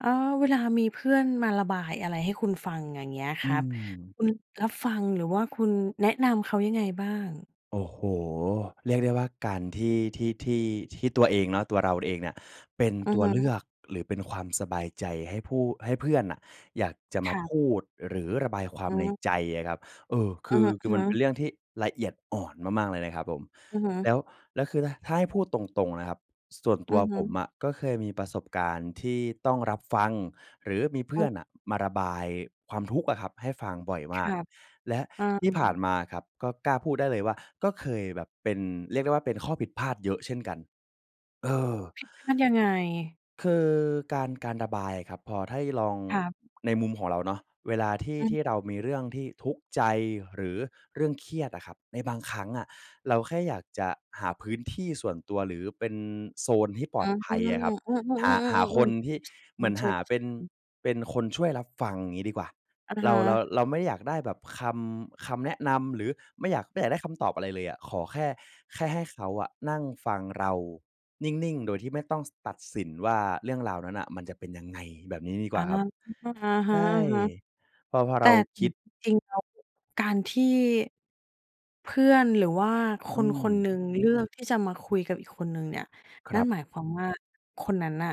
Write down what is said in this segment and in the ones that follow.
เออ เวลามีเพื่อนมาระบายอะไรให้คุณฟัง อย่าง เงี้ยคอืรับ ม คุณรับฟัง หรือว่าคุณแนะนำเขายังไงบ้าง? โอ้โฮ เรียกได้ว่าการที่ ที่ ที่ ที่ตัวเองเนาะ ตัวเราเองเนี่ย เป็นอืตอัวฮเลืึ อก หรือเป็นความสบายใจให้ผู้ ให้เพื่อนน่ะ อยากจะมคารัพบ ูด หรือระบายควาอ๋มในใจอ อะครับ เอ่อ คอะือ ฮคือมันะ เป็ๆ นเรื่องที่ละเอียดอ่อนมาก ๆ เลยนะครับผม อือฮึ แล้ว แล้ว คือ ถ ถ้าให้พูดตรง ๆ นะครับ ส ส่วนตอัืวอฮผมึ อะ ก็เคยมีประสบการณ์ที่ต้องรับฟัง หรือมีเพืเอ่อ อนน่ะ มาระบายความทุกข์อะครับให้ฟังบ่อยคมารก ับ และเอที่ผ่านอ มาครับ ก็กล้าพูดได้เลยว่า ก็เคยแบบเป็น เรียกได้ว่า เป็นข้อผิดพลาดเยอะเช่นกัน เออ ผิดพลาดยังไง? คือการ การระบายอะครับ พอถ้าให้ลอง ครับ ในมุมของเราเนาะ เวลาที่ อือที่ฮึ เรามีเรื่องที่ทุกข์ใจหรือเรื่องเครียดอะครับ ในบางครั้งอะ เราแค่อยากจะหาพื้นที่ส่วนตัวหรือเป็นโซนที่ปลออ๋อ ดภัยอะครับ เออ หา หาๆ อคนที่ เืหมืม อนหาเป็น ๆ ๆ ๆ [unintelligible] เป็นคนช่วยรับฟัง งี้ดีกว่า อะเรฮา เรา ะ เราไม่อยากได้แบบคำ คำแนะนำ หรือไม่อยาก ไม่อยากได้คำตอบอะไรเลยอะ ขอแค่ แค่ให้เขาอะนั่งฟังเรานิ่ง ๆ โดยที่ไม่ต้อง ส ตัดสินว่า เรื่องราวนั้นอะ มันจะเป็นยังไง แบบนี้ดีกอว่า าครับ อะใช่ ฮะ พอ พอๆ แตเร่ าเคนีิ่ย ด จริง ๆ แล้วการที่เพื่อนหรือว่าคอืน ๆ ม หนึ่ง เลือกที่จะมาคุยกับอีกคนหนึ่งเนี่ย คนรั่ันบ หมายความว่า คนนั้นน่ะ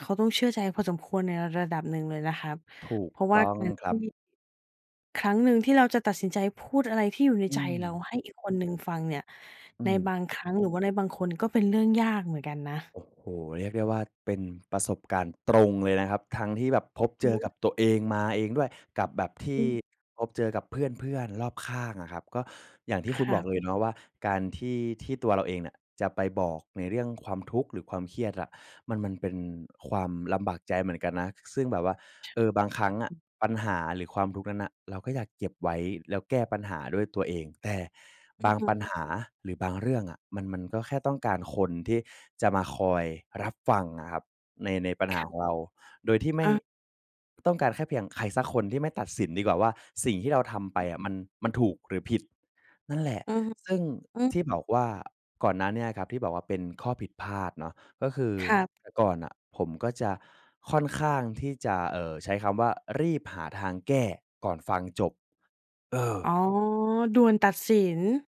เขาต้องเชื่อใจพอสมควร ในระดับหนึ่งเลยนะครับ ถูกเพราะวต่า้องการคทรัี่ บ ครั้งหนึ่ง ที่เราจะตัดสินใจพูดอะไรที่อยู่ในอืใจเรา ม ให้อีกคนหนึ่งฟังเนี่ย อืในม บางครั้ง หรือว่าในบางคนก็เป็นเรื่องยากเหมือนกันนะ โอ้โฮ เรียกได้ว่า เป็นประสบการณ์ตรงเลยนะครับ ทั้งที่แบบพอะบฮเจอกะ ับตัวเองมาเองด้วย กับแบบทีอื่ม พบเจอกับเพื่อน ๆ รอบข้างอะครับ ก็อย่างที่คคุณรบัอกบ เลยเนาะว่า การที่ ที่ตัวเราเองเนี่ย จะไปบอกในเรื่องความทุกข์ หรือความเครียดอะ มัน มันเป็นความลำบากใจเหมือนกันนะ ซ ซึ่งแบบว่า ช เออ บางครั้งอะ ปัญหาหรือความทุกข์นั้นน่ะ เราก็อยากเก็บไว้ แล้วแก้ปัญหาด้วยตัวเอง แต่อบืาองฮปัญึ หาหรือบางเรื่องอะ มัน มันก็แค่ต้องการคนที่จะมาคอยรับฟังอะครับ ใน ในปัญหคารับ ของเรา โดยที่ไม่ อา ต้องการแค่เพียงใครสักคนที่ไม่ตัดสินดีกว่าว่า สิ่งที่เราทำไปอืม อะ มัน มันถูกหรือผิด นั่นแหละ อือฮึ ซึ่งอือ ที่บอกว่า ก่อนหน้าเนี่ยครับ ที่บอกว่าเป็นข้อผิดพลาดเนาะ ก็คือ ครับ แต่ก่อนน่ะผมก็จะค่อนข้างที่จะ เออ ใช้คำว่า รีบหาทางแก้ก่อนฟังจบ เออ อ๋อ ด่วนตัดสิน